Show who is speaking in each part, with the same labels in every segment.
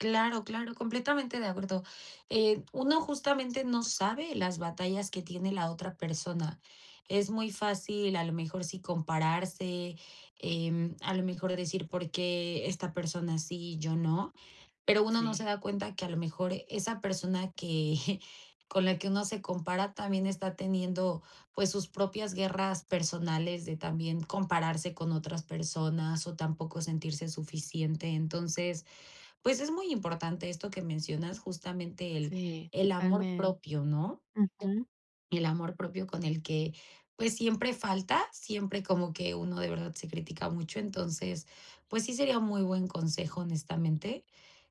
Speaker 1: Claro claro, completamente de acuerdo, eh, uno justamente no sabe las batallas que tiene la otra persona. Es muy fácil, a lo mejor sí, compararse, em, a lo mejor de decir, ¿por qué esta persona sí y yo no? Pero uno no se
Speaker 2: Sí.
Speaker 1: da cuenta que a lo mejor esa persona que con la que uno se compara también está teniendo, pues, sus propias guerras personales de también compararse con otras personas o tampoco sentirse suficiente. Entonces, pues es muy importante esto que mencionas, justamente el
Speaker 2: Sí,
Speaker 1: el amor
Speaker 2: totalmente,
Speaker 1: propio, ¿no?
Speaker 2: ujú.
Speaker 1: El amor propio con el que, pues siempre falta, siempre como que uno de verdad se critica mucho, entonces, pues sí sería un muy buen consejo, honestamente,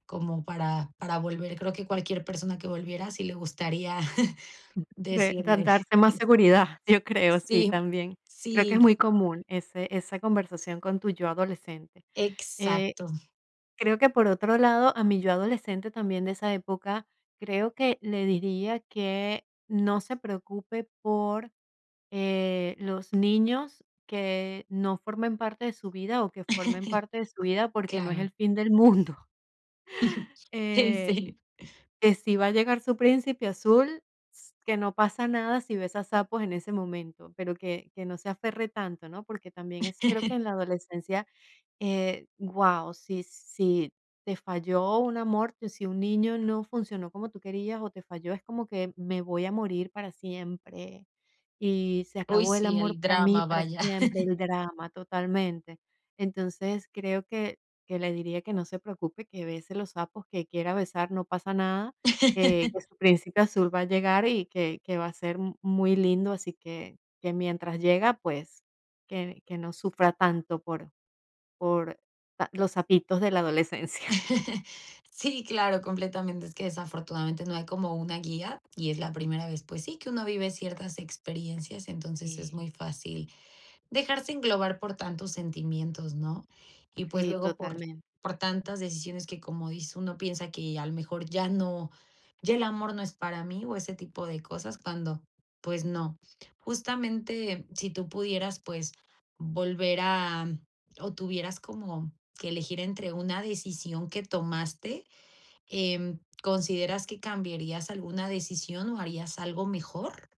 Speaker 1: como para para volver. Creo que cualquier persona que volviera, sí le gustaría
Speaker 2: Mm,
Speaker 1: decirle.
Speaker 2: [unintelligible] mas seguridad, yo creo, sí,
Speaker 1: Sí,
Speaker 2: también. Creo que es
Speaker 1: sí.
Speaker 2: muy común ese esa conversación con tu yo adolescente. Eh,
Speaker 1: Exacto.
Speaker 2: creo que, por otro lado, a mi yo adolescente, también, de esa época, creo que le diría que no se preocupe por, eh, los niños que no formen parte de su vida, o que formen parte de su vida, porque no es el
Speaker 1: Claro.
Speaker 2: fin del mundo,
Speaker 1: Sí
Speaker 2: eh,
Speaker 1: sí.
Speaker 2: que si va a llegar su príncipe azul, s que no pasa nada si ves a sapos en ese momento, pero que que no se aferre tanto, ¿no? Porque también es creo que en la adolescencia, eh, guau, si si te falló un amor, si un niño no funcionó como tú querías o te falló, es como que me voy a morir para siempre, y se
Speaker 1: Uy,
Speaker 2: acabó el
Speaker 1: sí,
Speaker 2: amor
Speaker 1: el
Speaker 2: para mí
Speaker 1: drama,
Speaker 2: para
Speaker 1: vaya.
Speaker 2: siempre, el drama totalmente. Entonces, creo que que le diría que no se preocupe, que bese los sapos, que quiera besar no pasa nada, que que su príncipe azul va a llegar y que que va a ser mu muy lindo, así que que mientras llega, pues que que no sufra tanto por por los sapitos de la adolescencia.
Speaker 1: Sí, claro, completamente, es que desafortunadamente no hay como una guía y es la primera vez, pues sí, que uno vive ciertas experiencias, entonces es
Speaker 2: Sí.
Speaker 1: muy fácil dejarse englobar por tantos sentimientos, ¿no? Y, pues,
Speaker 2: Sí,
Speaker 1: luego por
Speaker 2: totalmente.
Speaker 1: por tantas decisiones que, como dice uno, piensa que a lo mejor ya no ya el amor no es para mí o ese tipo de cosas, cuando, pues no. Justamente si tú pudieras, pues, volver a o tuvieras como que elegir entre una decisión que tomaste, em, ¿consideras que cambiarías alguna decisión o harías algo mejor?